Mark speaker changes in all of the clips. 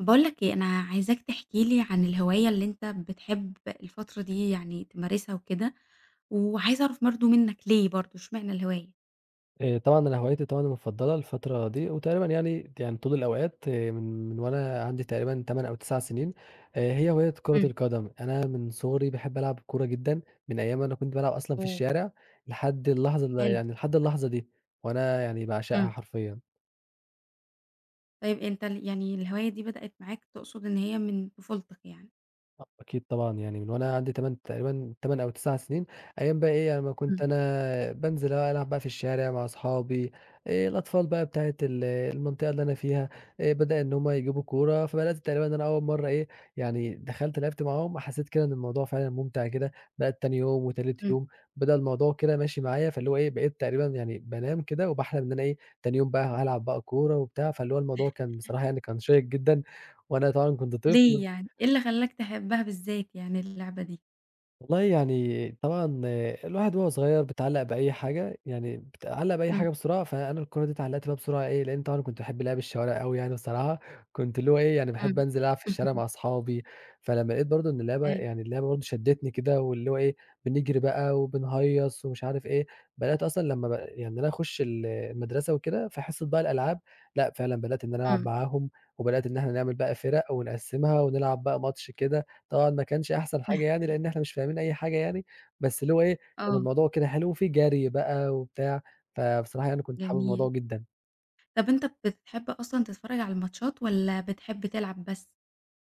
Speaker 1: باقول لك إيه، أنا عايزاك تحكي لي عن الهواية اللي أنت بتحب الفترة دي يعني تمارسها وكده، وعايزة أعرف برضه منك ليه برضه، إشمعنى الهواية؟
Speaker 2: آآ، طبعًا أنا هوايتي طبعًا المفضلة الفترة دي وتقريبًا يعني يعني طول الأوقات من من وأنا عندي تقريبًا 8 أو 9 سنين، آآ، هي هواية كرة
Speaker 1: امم.
Speaker 2: القدم، أنا من صغري باحب ألعب كورة جدًا، من أيام ما أنا كنت بالعب أصلًا في
Speaker 1: آه.
Speaker 2: الشارع، لحد اللحظة ال
Speaker 1: حلو.
Speaker 2: يعني لحد اللحظة دي، وأنا يعني باعشقها
Speaker 1: امم.
Speaker 2: حرفيًا.
Speaker 1: طيب أنت ال يعني الهواية دي بدأت معاك تقصد إن هي من طفولتك يعني.
Speaker 2: [unintelligible] أكيد طبعًا يعني من وأنا عندي 8 تقريبًا 8 أو 9 سنين، أيام بقى إيه، يعني اما كنت
Speaker 1: امم.
Speaker 2: أنا بانزل اللي هو ألعب بقى في الشارع مع أصحابي، الأطفال بقى بتاعة ال المنطقة اللي أنا فيها، بدأ إن هم يجيبوا كورة فبدأت تقريبًا إن أنا أول مرة إيه، يعني دخلت لعبت معاهم وحسيت كده إن الموضوع فعلًا مُمتع كده، بدأت تاني يوم وتالت
Speaker 1: إمم.
Speaker 2: يوم، بدأ الموضوع كده ماشي معايا فاللي هو إيه، بقيت تقريبًا يعني بانام كده وباحلم إن أنا إيه، تاني يوم بقى هالعب بقى كورة وبتاع، فاللي هو الموضوع كان بصراحة يعني كان شَيِّق جدًا، وأنا طبعًا كنت
Speaker 1: ليه
Speaker 2: طفل
Speaker 1: يعني؟ إيه اللى خلّاك تحبها باذات يعني اللعبة دي؟
Speaker 2: والله يعني طبعًا الواحد وهو صغير بيتعلَّق بأي حاجة، يعني بيتعلَّق بأي
Speaker 1: امم.
Speaker 2: حاجة بسرعة، فأنا الكورة دي اتعلَّقت بيها بسرعة إيه، لإن طبعًا كنت باحب لعب الشوارع أوي يعني الصراحة، كنت اللي هو إيه يعني باحب
Speaker 1: امم.
Speaker 2: أنزل ألعب في الشارع مع أصحابي، فلمّا لاقيت برضه إن اللعبة،
Speaker 1: [unintelligible]
Speaker 2: يعني اللعبة برضه شدّتني كده، واللي هو إيه، بنجري بقى، وبنهيّص ومش عارف إيه، بدأت أصلًا لما ب يعني إن أنا أخش ال المدرسة وكده في حصة بقى الألعاب لأ، فعلًا بدأت إن أنا ألعب
Speaker 1: امم.
Speaker 2: معاهم، وبدأت إن إحنا نعمل بقى فِرَق ونقسِّمها ونلعب بقى ماتش كده. طبعًا ما كانش أحسن حاجة يعني لأن إحنا مش فاهمين أي حاجة يعني، بس اللي هو إيه كان
Speaker 1: آه.
Speaker 2: الموضوع كده حلو، وفيه جري بقى وبتاع، فبصراحة يعني كنت حابب الموضوع
Speaker 1: جميل.
Speaker 2: جدًا.
Speaker 1: طَب أنتَ بتحب أصلًا تتفرّج على الماتشات، والَّا بتحب تلعب بس؟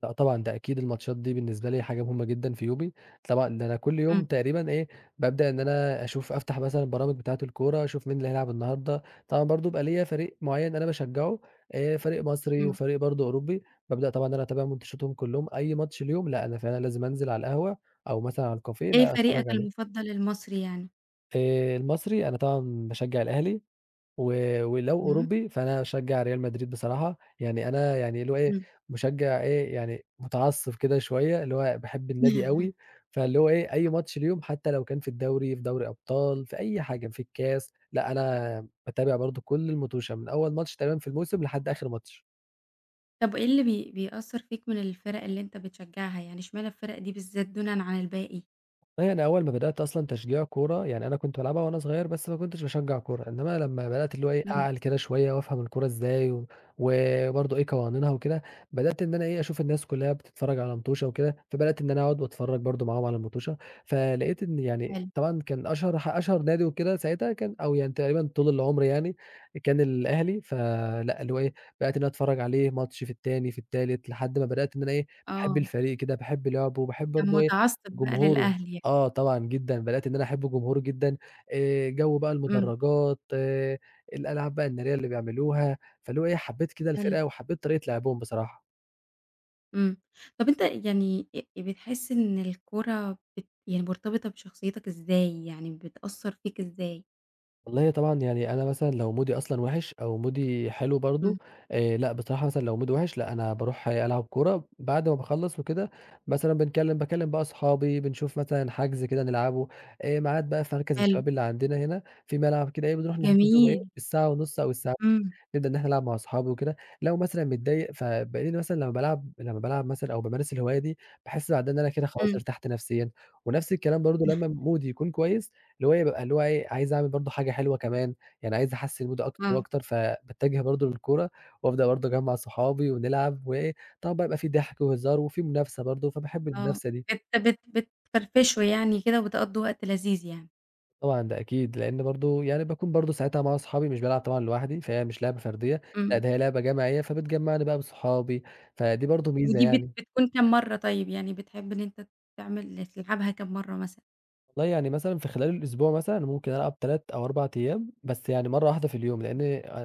Speaker 2: لأ، طبعًا ده أكيد الماتشات دي بالنسبة لي حاجة مهمة جدًا في يومي، طبعًا ده أنا كل يوم
Speaker 1: امم.
Speaker 2: تقريبًا إيه، بابدأ إن أنا أشوف أفتح مثلًا البرامج بتاعة الكورة أشوف مين اللي هيلعب النهارده، طبعًا برضه بيبقي ليّا فريق معيّن أنا باشجعه آآ فريق مصري،
Speaker 1: امم.
Speaker 2: وفريق برضه أوروبي، بابدأ طبعًا إن أنا أتابع ماتشاتهم كلهم، أي ماتش ليهم لأ، أنا فعلًا لازم أنزل على القهوة أو مثلًا على الكافيه
Speaker 1: إيه
Speaker 2: لأ،
Speaker 1: فريقك
Speaker 2: أتفرّج عليه.
Speaker 1: المفضل المصري يعني؟
Speaker 2: آآ، المصري، أنا طبعًا باشجع الأهلي، و ولو
Speaker 1: امم.
Speaker 2: أوروبي، فأنا أشجع ريال مدريد بصراحة. يعني أنا يعني اللي هو إيه،
Speaker 1: امم.
Speaker 2: مشجع إيه، يعني متعصب كده شويّة، اللي هو باحب النادي أوي. فاللي هو إيه، أي ماتش ليهم، حتّى لو كان في الدوري، في دوري أبطال، في أي حاجة، في الكاس، لأ، أنا باتابع برضو كل الموتُشة من أول ماتش تقريبًا في الموسم لحد آخر ماتش.
Speaker 1: طب إيه اللي بي بيأثر فيك من الفرق اللي أنت بتشجعها، إشمعنى الفرق دي بالذات دونًا عن الباقي؟
Speaker 2: والله أنا أوّل ما بدأت أصلًا تشجيع كرة، يعني أنا كنت بالعبها وأنا صغير، بس ما كنتش باشجع الكرة. إنّما لمّا بدأت، اللي هو إيه،
Speaker 1: امم.
Speaker 2: أعقل كده شويّة وأفهم الكرة إزاي, وبرضو إيه قوانينها وكده، بدأت إن أنا أشوف الناس كلّها بتتفرج على موتُشة وكده، فبدأت إن أنا أقعد وأتفرّج برضو معاهم على الموتُشة. فلقيت إن يعني
Speaker 1: حلو.
Speaker 2: طبعًا كان أشهر ح أشهر نادي وكده ساعتها كان أو يعني تقريبًا طول العمر يعني، كان الأهلي. فلأ، اللي هو إيه، بدأت إن أنا أتفرّج عليه، ماتش في التاني في التالت، لحد ما بدأت إن أنا إيه، باحب
Speaker 1: آه.
Speaker 2: الفريق كده، باحب لعبه، وباحب
Speaker 1: كان
Speaker 2: برضو إيه
Speaker 1: مُتعصّب بقى
Speaker 2: جمهوره.
Speaker 1: للأهلي يعني.
Speaker 2: آه، طبعًا جدًا، بدأت إن أنا أحب جمهوره جدًا، آآ، جوّ بقى
Speaker 1: امم.
Speaker 2: المدرجات، الألعاب بقى النارية اللي بيعملوها، فاللي هو إيه، حبّيت كده
Speaker 1: حلو.
Speaker 2: الفرقة، وحبّيت طريقة لعبهم بصراحة.
Speaker 1: امم. طب أنتَ يعني أ بتحس إن الكورة بت يعني مرتبطة بشخصيتك إزاي؟ يعني بتأثر فيك إزاي؟
Speaker 2: والله طبعًا يعني أنا مثلًا لو مودي أصلًا وِحِش، أو مودي حلو برضو،
Speaker 1: امم.
Speaker 2: آآ لأ بصراحة مثلًا لو مودي وِحِش لأ أنا باروح ألعب كورة، بعد ما باخلص وكده مثلًا بنكلم باكلّم بقى اصحابي، بنشوف مثلًا حجز كده نلعبه آآ، ميعاد بقى في مركز
Speaker 1: حلو.
Speaker 2: الشباب اللي عندنا هنا، في ملعب كده إيه بنروح نحجز وإيه،
Speaker 1: جميل!
Speaker 2: الساعة ونص أو الساع
Speaker 1: امم.
Speaker 2: نبدأ إن إحنا نلعب مع اصحابي وكده. لو مثلًا متضايق فبالاقيني مثلًا لمّا بالعب لمّا بالعب مثلًا، أو بامارس الهواية دي باحس بعدها إن أنا كده خلاص
Speaker 1: امم.
Speaker 2: ارتحت نفسيًا. ونفس الكلام برضو لمّا مودي يكون كويس اللي هو إيه، بابقى اللي هو إيه، عايز أعمل برضو حاجة حلوة كمان، يعني عايز أحسّن مودي أكتر
Speaker 1: آه.
Speaker 2: وأكتر، فباتجه برضو للكورة، وأبدأ برضو اجمع صحابي ونلعب وإيه، طبعًا بقى بيبقى في ضحك وهزار وفي منافسة برضو، فباحب
Speaker 1: آه،
Speaker 2: المنافسة دي.
Speaker 1: بت بت بتفرفشوا يعني كده، وبتقضوا وقت لذيذ يعني.
Speaker 2: طبعًا ده أكيد. لأن برضو يعني باكون برضو ساعتها مع صحابي، مش بالعب طبعًا لوحدي، فهي مش لعبة فردية. لأ
Speaker 1: امم.
Speaker 2: ده هي لعبة جماعية، فبتجمعني بقى بصحابي، فدي برضو ميزة
Speaker 1: ودي بت
Speaker 2: يعني.
Speaker 1: بتكون كام مرّة طيب يعني؟ بتحب إن أنتَ تعمل تلعبها كام مرّة مثلًا؟
Speaker 2: والله، يعني مثلًا في خلال الأسبوع مثلًا، ممكن ألعب 3 أو 4 أيام، بس يعني مرة واحدة في اليوم، لأن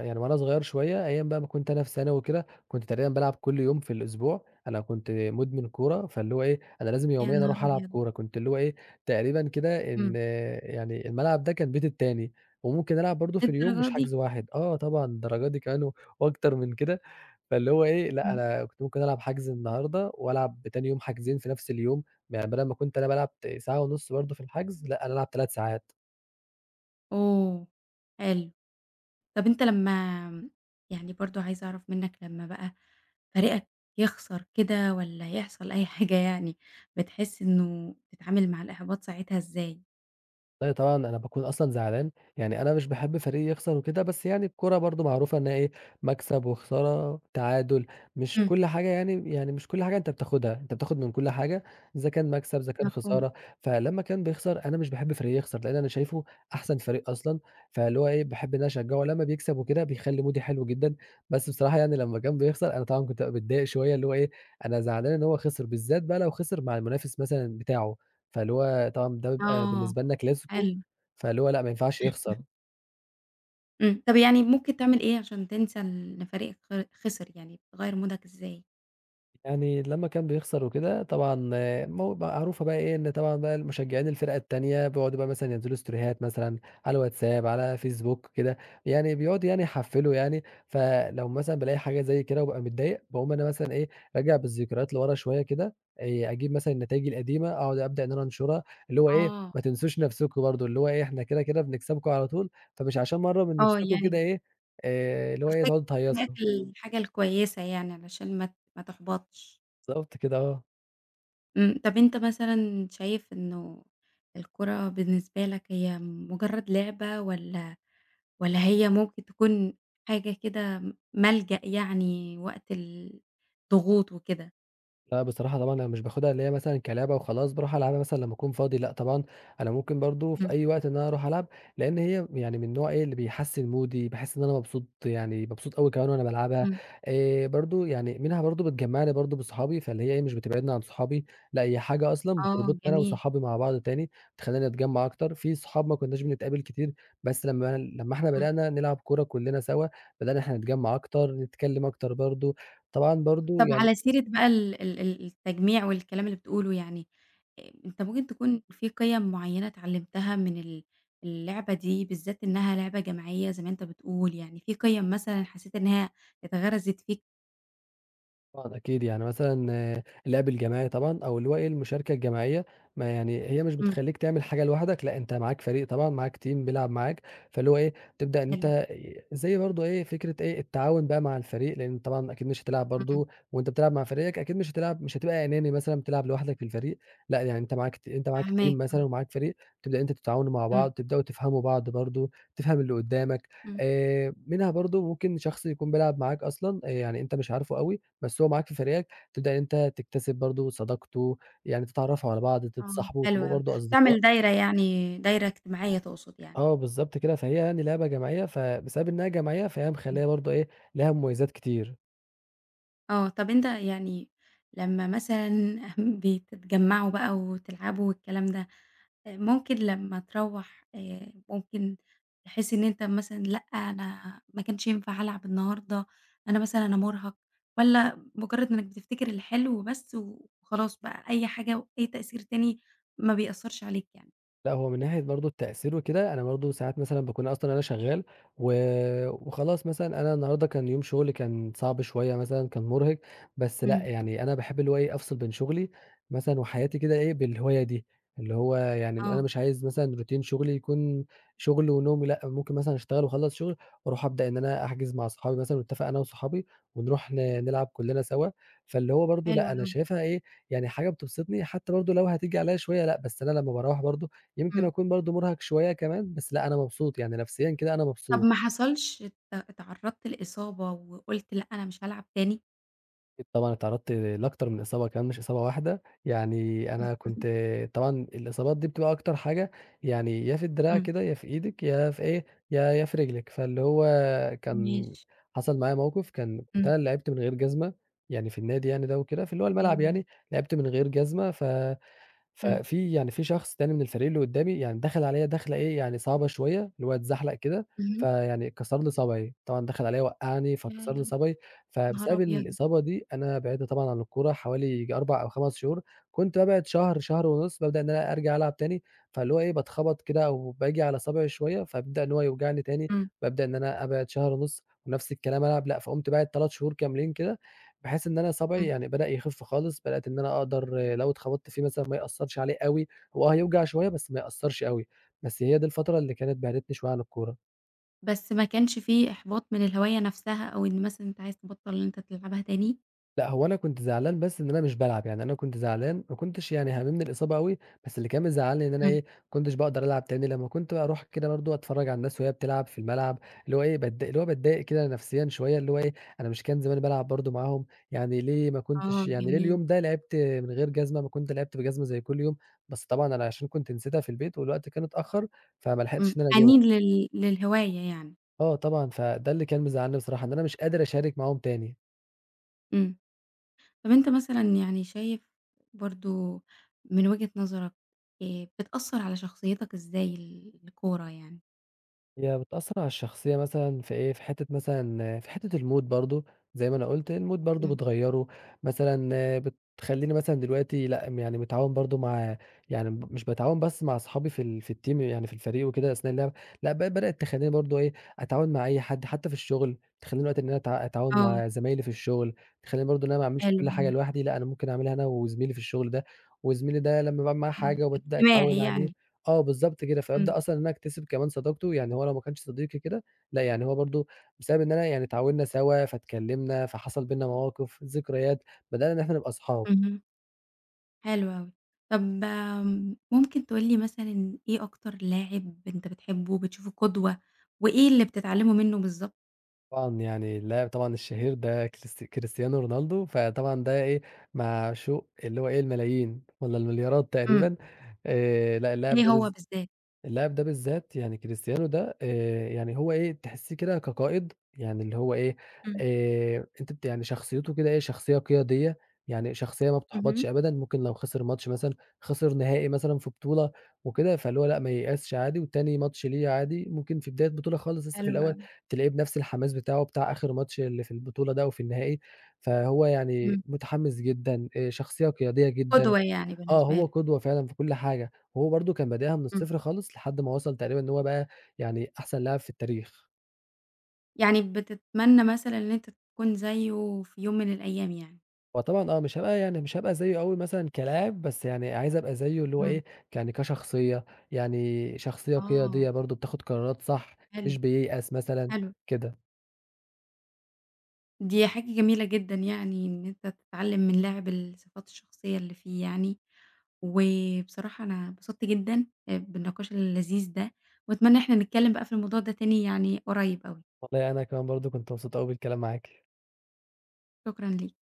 Speaker 2: يعني وأنا صغير شوية، أيام بقى ما كنت أنا في ثانوي وكده، كنت تقريبًا بالعب كل يوم في الأسبوع. أنا كنت مدمن كورة، فاللي هو إيه أنا لازم
Speaker 1: يا
Speaker 2: يوميًا
Speaker 1: نهار
Speaker 2: أروح ألعب
Speaker 1: أبيض!
Speaker 2: كورة، كنت اللي هو إيه تقريبًا كده
Speaker 1: إمم.
Speaker 2: إن يعني الملعب ده كان بيتي التاني، وممكن ألعب برضه في اليوم
Speaker 1: للدرجة
Speaker 2: مش
Speaker 1: دي؟
Speaker 2: حجز 1، آه، طبعًا للدرجة دي كمان و وأكتر من كده. فاللي هو إيه لأ،
Speaker 1: إمم.
Speaker 2: أنا كنت ممكن ألعب حجز النهاردة، وألعب تاني يوم حجزين في نفس اليوم، يعني بدل ما كنت أنا بالعب ت ساعة ونُص برضه في الحجز، لأ، أنا هالعب 3 ساعات.
Speaker 1: أوه! حلو. طب أنت لمّا يعني برضه عايزة أعرف منك، لمّا بقى فريقك يخسر كده والّا يحصل أي حاجة يعني بتحس إنه تتعامل مع الإحباط ساعتها إزاي؟
Speaker 2: أيوه طبعًا، أنا باكون أصلًا زعلان، يعني أنا مش باحب فريقي يخسر وكده، بس يعني الكورة برضه معروفة إنها إيه، مكسب وخسارة تعادل، مش
Speaker 1: إمم.
Speaker 2: كل حاجة يعني يعني مش كل حاجة أنت بتاخدها، أنت بتاخد من كل حاجة إذا كان مكسب، إذا كان
Speaker 1: مفهوم.
Speaker 2: خسارة. فلما كان بيخسر، أنا مش باحب فريقي يخسر، لأن أنا شايفه أحسن فريق أصلًا، فاللي هو إيه باحب إن أنا أشجعه لمّا بيكسب وكده، بيخلي مودي حلو جدًا. بس بصراحة يعني لما كان بيخسر، أنا طبعًا كنت بابقى متضايق شوية، اللي هو إيه أنا زعلان إن هو خسر، بالذات بقى لو خسر مع المنافس مثلًا بتاعه، فاللي هو طبعًا ده بيبقى
Speaker 1: آه،
Speaker 2: بالنسبة لنا كلاسيكو،
Speaker 1: حلو.
Speaker 2: فاللي هو لأ، ما ينفعش يخسر.
Speaker 1: امم، طيب يعني ممكن تعمل إيه عشان تنسى إن فريقك خر خسر يعني بتغيّر مودك إزاي؟
Speaker 2: يعني لمّا كان بيخسر وكده طبعًا م معروفة بقى إيه، إن طبعًا بقى المشجعين الفِرَق التانية بيقعدوا بقى مثلًا ينزلوا ستوريهات مثلًا على الواتساب، على فيسبوك وكده، يعني بيقعدوا يعني يحفِّلوا يعني، فلو مثلًا بالاقي حاجة زي كده وبابقى متضايق باقوم أنا مثلًا إيه، راجع بالذكريات لورا شوية كده، آآ أجيب مثلًا النتايج القديمة أقعد أبدأ إن أنا أنشرها اللي هو إيه
Speaker 1: آه.
Speaker 2: ما تنسوش نفسكم برضه، اللي هو إيه إحنا كده، كده بنكسبكم على طول، فمش عشان مرّة من
Speaker 1: آه،
Speaker 2: نفسكم كده
Speaker 1: يعني
Speaker 2: إيه، آآ اللي هو إيه
Speaker 1: [unintelligible]
Speaker 2: تقعدوا
Speaker 1: هناك
Speaker 2: تهيّصوا.
Speaker 1: الحاجة الكويسة يعني علشان ما ت ما تحبطش.
Speaker 2: بالضبط كده آه.
Speaker 1: امم طَب أنتَ مثلًا شايف إنه الكورة بالنسبة لَك هي مجرّد لعبة والَّا والَّا هي ممكن تكون حاجة كده م ملجأ يعني وقت ال الضغوط وكده؟
Speaker 2: لأ، بصراحة طبعًا أنا مش باخدها اللي هي مثلًا كلِعبة وخلاص، باروح ألعبها مثلًا لمّا أكون فاضي لأ، طبعًا أنا ممكن برضه في
Speaker 1: امم.
Speaker 2: أي وقت إن أنا أروح ألعب. لأن هي يعني من النوع إيه اللي بيحسِّن مودي باحس إن أنا مبسوط يعني مبسوط أوي كمان وأنا بالعبها.
Speaker 1: امم.
Speaker 2: آآ برضو يعني منها برضه بتجمّعني برضه بصحابي، فاللي هي إيه مش بتبعدني عن صحابي لأ، هي حاجة أصلًا
Speaker 1: آه
Speaker 2: بتربطني أنا
Speaker 1: جميل.
Speaker 2: وصحابي مع بعض تاني، تخلّينا نتجمع أكتر. في صحاب ما كنّاش بنتقابل كتير، بس لمّا- لمّا إحنا
Speaker 1: امم.
Speaker 2: بدأنا نلعب كورة كلنا سوا، بدأنا إن إحنا نتجمّع أكتر، نتكلم أكتر برضه طبعًا برضه
Speaker 1: طب
Speaker 2: يعني
Speaker 1: على سيرة بقى ال ال ال التجميع والكلام اللي بتقوله يعني، أ أنتَ ممكن تكون في قِيَم معيّنة اتعلمتها من ال اللعبة دي بالذَّات إنها لعبة جماعية زي ما أنتَ بتقول يعني في قِيَم مثلًا حسّيت إنها اتغرزت فيك؟
Speaker 2: طبعًا أكيد، يعني مثلًا اللعب الجماعي، طبعًا، أو اللي هو إيه المشاركة الجماعية، ما يعني هي مش
Speaker 1: امم.
Speaker 2: بتخليك تعمل حاجة لوحدك. لأ، أنتَ معاك فريق، طبعًا، معاك team بيلعب معاك، فاللي هو إيه، تبدأ إن
Speaker 1: حلو.
Speaker 2: أنتَ ي زي برضو إيه فكرة إيه التعاون بقى مع الفريق. لأن طبعًا أكيد مش هتلعب
Speaker 1: امم، امم.
Speaker 2: برضو وأنتَ بتلعب مع فريقك، أكيد مش هتلعب، مش هتبقى أناني مثلًا بتلعب لوحدك في الفريق. لأ، يعني أنتَ معاك ت أنتَ معاك teram
Speaker 1: فاهماك،
Speaker 2: مثلًا،
Speaker 1: امم
Speaker 2: ومعاك فريق، تبدأ أنتَ تتعاونوا مع
Speaker 1: امم.
Speaker 2: بعض، تبدأوا تفهموا بعض برضو، تفهم اللي قدّامك
Speaker 1: امم.
Speaker 2: آآ، منها برضو ممكن شخص يكون بيلعب معاك أصلًا، آآ يعني أنتَ مش عارفه أوي، بس هو معاك في فريقك، تبدأ إن أنتَ تكتسب برضو صداقته، يعني تتعرفوا على بعض،
Speaker 1: آه،
Speaker 2: تتصاحبوا،
Speaker 1: حلو
Speaker 2: تبقوا
Speaker 1: أوي
Speaker 2: برضو أصدقاء.
Speaker 1: تعمل دايرة، يعني دايرة إجتماعية تقصد يعني؟
Speaker 2: آه، بالضبط كده، فهي يعني لعبة جماعية. فبسبب إنها جماعيّة، فهي
Speaker 1: امم.
Speaker 2: مخلّية برضو إيه، ليها مميزات كتير.
Speaker 1: آه، طب أنتَ يعني لمّا مثلًا بي بتتجمعوا بقى وتلعبوا والكلام ده، آآ ممكن لمّا تروَّح آآ ممكن تحس إن أنتَ مثلًا لأ، أنا ما كانش ينفع العب النهارده، أنا مثلًا أنا مُرهَق، والّا مجرّد إنّك بتفتكر الحلو بس وخلاص بقى أي حاجة وأي تأثير تاني، ما بيأثرش عليك يعني؟
Speaker 2: لآ، هو من ناحية برضو التأثير وكده، أنا برضو ساعات مثلًا باكون أصلًا أنا شغال و وخلاص مثلًا أنا النهاردة كان يوم شغلي كان صعب شوية، مثلًا كان مرهِق، بس لأ،
Speaker 1: امم.
Speaker 2: يعني أنا باحب اللي هو إيه، أفصل بين شغلي مثلًا وحياتي كده إيه بالهواية دي. اللي هو يعني أنا
Speaker 1: آه.
Speaker 2: مش عايز مثلًا routine شغلي يكون شغل ونوم و لأ، ممكن مثلًا أشتغل، وأخلص شغل وأروح أبدأ إن أنا احجز مع اصحابي، مثلًا واتفق أنا وصحابي ونروح ن نلعب كلنا سوا. فاللي هو برضو،
Speaker 1: حلو
Speaker 2: لأ، أنا
Speaker 1: أوي.
Speaker 2: شايفها إيه، يعني حاجة بتبَسِطني، حتى برضو لو هتيجي عليَّ شوية، لأ، بس أنا لما باروَّح برضو يمكن
Speaker 1: امم.
Speaker 2: أكون برضو مرهَق شوية كمان، بس لأ، أنا مبسوط يعني نفسيًا كده، أنا
Speaker 1: طب
Speaker 2: مبسوط.
Speaker 1: ما حصلش ات اتعرضت لإصابة وقلت لأ، أنا مش هالعب تاني؟
Speaker 2: أكيد طبعًا اتعرضت لأكتر من إصابة كمان مش إصابة واحدة، يعني أنا كنت طبعًا الإصابات دي بتبقى أكتر حاجة، يعني يا في الدراع
Speaker 1: امم.
Speaker 2: كده، يا في إيدِك، يا في إيه، يا يا في رجلِك. فاللي هو كان
Speaker 1: ماشي.
Speaker 2: حصل معايا موقف، كان كنت
Speaker 1: امم.
Speaker 2: أنا اللي لعبت من غير جزمة، يعني في النادي يعني ده وكده في اللي هو الملعب
Speaker 1: اهم.
Speaker 2: يعني، لعبت من غير جزمة، ف ف
Speaker 1: امم.
Speaker 2: في يعني في شخص تاني من الفريق اللي قدّامي يعني دخل عليَّ دَخلة إيه يعني صعبة شويّة، اللي هو اتزحلق كده،
Speaker 1: اهم.
Speaker 2: فيعني كسر لي صابعي. طبعًا دخل عليَّ وقعني
Speaker 1: ياه!
Speaker 2: فكسر لي
Speaker 1: يا
Speaker 2: صابعي،
Speaker 1: نهار
Speaker 2: فبسبب
Speaker 1: أبيض.
Speaker 2: الإصابة دي أنا بعدت طبعًا عن الكورة حوالي ييجي 4 أو 5 شهور. كنت بابعد شهر شهر ونص، بابدأ إن أنا أرجع ألعب تاني. فاللي هو إيه بتخبط كده، أو باجي على صابعي شويّة فبيبدأ إن هو يوجعني تاني،
Speaker 1: امم.
Speaker 2: بابدأ إن أنا أبعد شهر ونص، ونفس الكلام ألعب لأ، فقمت باعد 3 شهور كاملين كده، بحيث إن أنا صابعي
Speaker 1: امم.
Speaker 2: يعني بدأ يخف خالص، بدأت إن أنا أقدر لو اتخبطت فيه مثلًا ما يأثرش عليه أوي، هو آه هيوجع شويّة بس ما يأثرش أوي، بس هي دي الفترة اللي كانت بعدتني شويّة عن الكورة.
Speaker 1: بس ما كانش في إحباط من الهواية نفسها، أو إن مثلًا أنت عايز تبطل إن أنت تلعبها تاني؟
Speaker 2: لأ، هو أنا كُنت زعلان بس إن أنا مش بالعب. يعني أنا كنت زعلان ما كُنتش يعني هاممني الإصابة أوي، بس اللي كان مزعلني إن أنا
Speaker 1: امم.
Speaker 2: إيه، ما كنتش باقدر ألعب تاني لما كنت أروح كده برضه أتفرج على الناس وهي بتلعب في الملعب، اللي هو إيه باتض اللي هو باتضايق كده نفسيًا شوية اللي هو إيه، أنا مش كان زماني بالعب برضه معاهم؟ يعني ليه ما
Speaker 1: آه
Speaker 2: كنتش يعني ليه
Speaker 1: جميل.
Speaker 2: اليوم ده لعبت من غير جزمة؟ ما كنت لعبت بجزمة زي كل يوم. بس طبعًا أنا عشان كنت نسيتها في البيت والوقت كان اتأخر فما
Speaker 1: امم
Speaker 2: لحقتش إن أنا
Speaker 1: حَنين
Speaker 2: أجيبها.
Speaker 1: لل للهواية يعني.
Speaker 2: آه طبعًا فده اللي كان مزعلْني بصراحة إن أنا مش قادر أشارك معاهم تاني.
Speaker 1: امم طب أنتَ مثلًا يعني شايف برضه من وجهة نظرَك آآ بتأثر على شخصيتك إزاي ال الكورة يعني؟
Speaker 2: هي بتأثر على الشخصية مثلًا في إيه، في حتّة مثلًا في حتة الmood برضه زي ما أنا قلت الmood برضه
Speaker 1: امم.
Speaker 2: بتغيّره، مثلًا بتخليني مثلًا دلوقتي لأ م يعني متعاون برضه مع يعني م ب مش باتعاون بس مع اصحابي في ال في الteam يعني في الفريق وكده أثناء اللعب. لأ ب بدأت تخليني برضه إيه، أتعاون مع أي حد حتى في الشغل، تخليني دلوقتي إن أنا اتع أتعاون
Speaker 1: آه.
Speaker 2: مع زَمايْلي في الشغل، تخليني برضه إن أنا ما أعملش
Speaker 1: حلو
Speaker 2: كل حاجة
Speaker 1: أوي.
Speaker 2: لوحدي لأ، أنا ممكن أعملها أنا وزميلي في الشغل ده، وزميلي ده لما باعمل معاه
Speaker 1: آه
Speaker 2: حاجة وبابدأ أتعود
Speaker 1: اجتماعي
Speaker 2: عليه
Speaker 1: يعني.
Speaker 2: آه بالضبط كده.
Speaker 1: امم.
Speaker 2: فابدأ أصلًا إن أنا أكتسب كمان صداقته يعني هو لو ما كانش صديقي كده لأ، يعني هو برضه بسبب إن أنا يعني اتعاوننا سوا، فاتكلمنا، فحصل بيننا مواقف، ذكريات بدأنا إن إحنا نبقى اصحاب.
Speaker 1: اهم. حلو اوي، طب ممكن تقول لي مثلًا إيه أكتر لاعب أنتَ بتحبه وبتشوفه قدوة؟ وإيه اللي بتتعلمه منه بالضبط؟
Speaker 2: طبعًا يعني اللاعب طبعًا الشهير ده كريست كريستيانو رونالدو، فطبعًا ده إيه، معشوق اللي هو إيه الملايين والَّا المليارات
Speaker 1: امم.
Speaker 2: تقريبًا. آآ، لأ، اللاعب
Speaker 1: ليه
Speaker 2: ده بالذ
Speaker 1: هو بالذات؟
Speaker 2: اللاعب ده بالذَّات، يعني كريستيانو ده، آآ، يعني هو إيه تحسِّيه كده كقائد، يعني اللي هو إيه،
Speaker 1: امم.
Speaker 2: آآ، أنتِ بت يعني شخصيته كده إيه شخصية قيادية، يعني شخصية ما
Speaker 1: اهم.
Speaker 2: بتحبطش أبدًا. ممكن لو خسر ماتش مثلًا، خسر نهائي مثلًا في بطولة وكده، فاللي هو لأ، ما ييأسش عادي، وتاني ماتش ليه عادي ممكن في بداية بطولة خالص لسه في
Speaker 1: حلو
Speaker 2: الأول،
Speaker 1: أوي.
Speaker 2: تلاقيه بنفس الحماس بتاعه بتاع آخر ماتش اللي في البطولة ده أو في النهائي. فهو
Speaker 1: امم.
Speaker 2: يعني متحمس جدًا، آآ، شخصية قيادية جدًا
Speaker 1: قدوة يعني
Speaker 2: آه
Speaker 1: بالنسبة
Speaker 2: هو
Speaker 1: لك.
Speaker 2: قدوة فعلًا في كل حاجة. وهو برضه كان بادئها من
Speaker 1: امم.
Speaker 2: الصفر خالص، لحد ما وصل تقريبًا إن هو بقى يعني أحسن لاعب في التاريخ.
Speaker 1: يعني بتتمنى مثلًا إن أنت تكون زيّه في يوم من الأيام يعني؟
Speaker 2: هو طبعًا آه، مش هاب يعني مش هابقى زيّه أوي مثلًا كلاعب، بس يعني عايز أبقى زيّه اللي هو
Speaker 1: اهم.
Speaker 2: إيه ك يعني كشخصية، يعني شخصية
Speaker 1: آه.
Speaker 2: قيادية برضه بتاخد قرارات صح،
Speaker 1: حلو،
Speaker 2: مش بييأس مثلًا،
Speaker 1: حلو.
Speaker 2: كده.
Speaker 1: دي حاجة جميلة جدًا يعني إن أنت تتعلم من لاعب الصفات الشخصية اللي فيه يعني، وبصراحة أنا اتبسطت جدًا، آآ بالنِقاش اللذيذ ده، وأتمنى إن إحنا نتكلم بقى في الموضوع ده تاني يعني قريب أوي.
Speaker 2: والله أنا كمان برضه، كنت مبسوط أوي بالكلام معاكِ.
Speaker 1: شكرًا ليك.